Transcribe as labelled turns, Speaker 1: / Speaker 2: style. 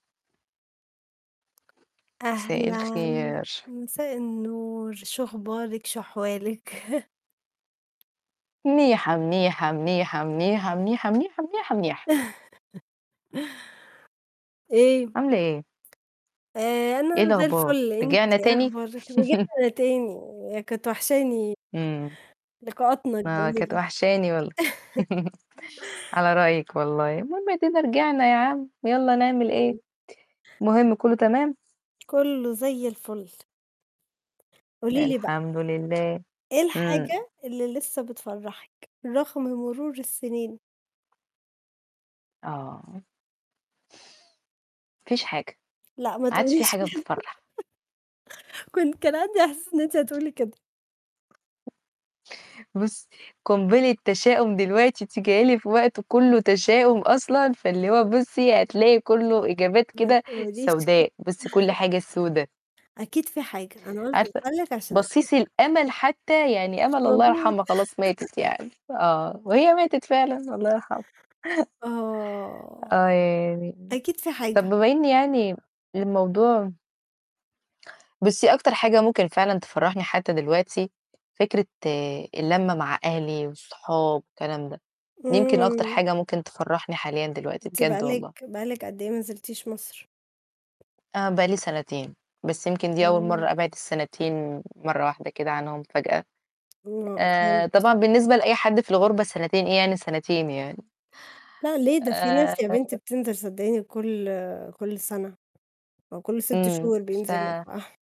Speaker 1: مساء
Speaker 2: أهلاً،
Speaker 1: الخير.
Speaker 2: مساء النور، شو أخبارِك؟ شو أحوالِك؟
Speaker 1: مِنيحة، مِنيحة، مِنيحة، مِنيحة، مِنيحة، مِنيحة، مِنيحة، مِنيحة.
Speaker 2: إيه؟
Speaker 1: عاملة إيه؟
Speaker 2: آآ
Speaker 1: إيه
Speaker 2: أنا زي
Speaker 1: الأخبار؟
Speaker 2: الفُل، أنتِ
Speaker 1: رجعنا
Speaker 2: إيه
Speaker 1: تاني؟
Speaker 2: أخبارِك؟ رجعنا تاني، كانت وحشاني
Speaker 1: إمم.
Speaker 2: لقاءاتنا
Speaker 1: ما كانت
Speaker 2: الجميلة.
Speaker 1: وحشاني وال على رأيِك والله، المهم آدينا رجعنا يا عم، يالّا نعمل إيه،
Speaker 2: إمم.
Speaker 1: المهم كُلّه تمام؟
Speaker 2: كُلّه زي الفُل. قولي لي بقى
Speaker 1: الحمد لله،
Speaker 2: إيه
Speaker 1: إمم.
Speaker 2: الحاجة اللي لسّه بتفرّحِك، رغم مرور السِنين؟
Speaker 1: آه. ما فيش حاجة،
Speaker 2: لأ، ما
Speaker 1: ما عادش في
Speaker 2: تقوليش ك
Speaker 1: حاجة بتفرّح.
Speaker 2: كنت كان عندي إحساس إن أنتِ هتقولي كده.
Speaker 1: بُصّي، قنبلة تشاؤم دلوقتي، أنتِ جاية لي في وقت كُلّه تشاؤم أصلًا، فاللي هو بُصّي، هتلاقي كُلّه إجابات
Speaker 2: ما
Speaker 1: كده
Speaker 2: تقوليش
Speaker 1: سوداء، بُصّي، كل حاجة سودا.
Speaker 2: أكيد في حاجة، أنا قُلت
Speaker 1: عارفة،
Speaker 2: أسألِك، عشان أكيد
Speaker 1: بصيص
Speaker 2: في ح
Speaker 1: الأمَل حتّى، يعني
Speaker 2: مش
Speaker 1: أمَل الله
Speaker 2: موجود
Speaker 1: يرحمها، خلاص ماتت يعني، آه، وهي ماتت فعلًا الله يرحمها.
Speaker 2: آه.
Speaker 1: آه ياني.
Speaker 2: أكيد في
Speaker 1: طَب
Speaker 2: حاجة.
Speaker 1: بما إن يعني الموضوع بُصّي، أكتر حاجة ممكن فعلًا تفرّحني حتّى دلوقتي، فكرة اللمّة مع أهلي والصحاب والكلام ده، يمكن أكتر
Speaker 2: إمم.
Speaker 1: حاجة ممكن تفرّحني حاليًا دلوقتي،
Speaker 2: أنتِ بقى
Speaker 1: بجد
Speaker 2: لِك
Speaker 1: والله.
Speaker 2: بقى لِك قد إيه ما نزلتيش مصر؟
Speaker 1: آه، بقى لي سَنتين، بس يمكن دي أول
Speaker 2: إمم.
Speaker 1: مرّة أبعِد السَنتين مرّة واحدة كده عنهم فجأة.
Speaker 2: آه
Speaker 1: آآ
Speaker 2: فهمت.
Speaker 1: طبعًا بالنسبة لأي حد في الغُربة سَنتين، إيه يعني سَنتين يعني؟!
Speaker 2: لأ ليه؟ ده في ناس يا بنتي
Speaker 1: آآ
Speaker 2: بتنزل صدّقيني كل كل سَنة أو كل 6
Speaker 1: إمم.
Speaker 2: شهور
Speaker 1: ف
Speaker 2: بينزلوا [unintelligible]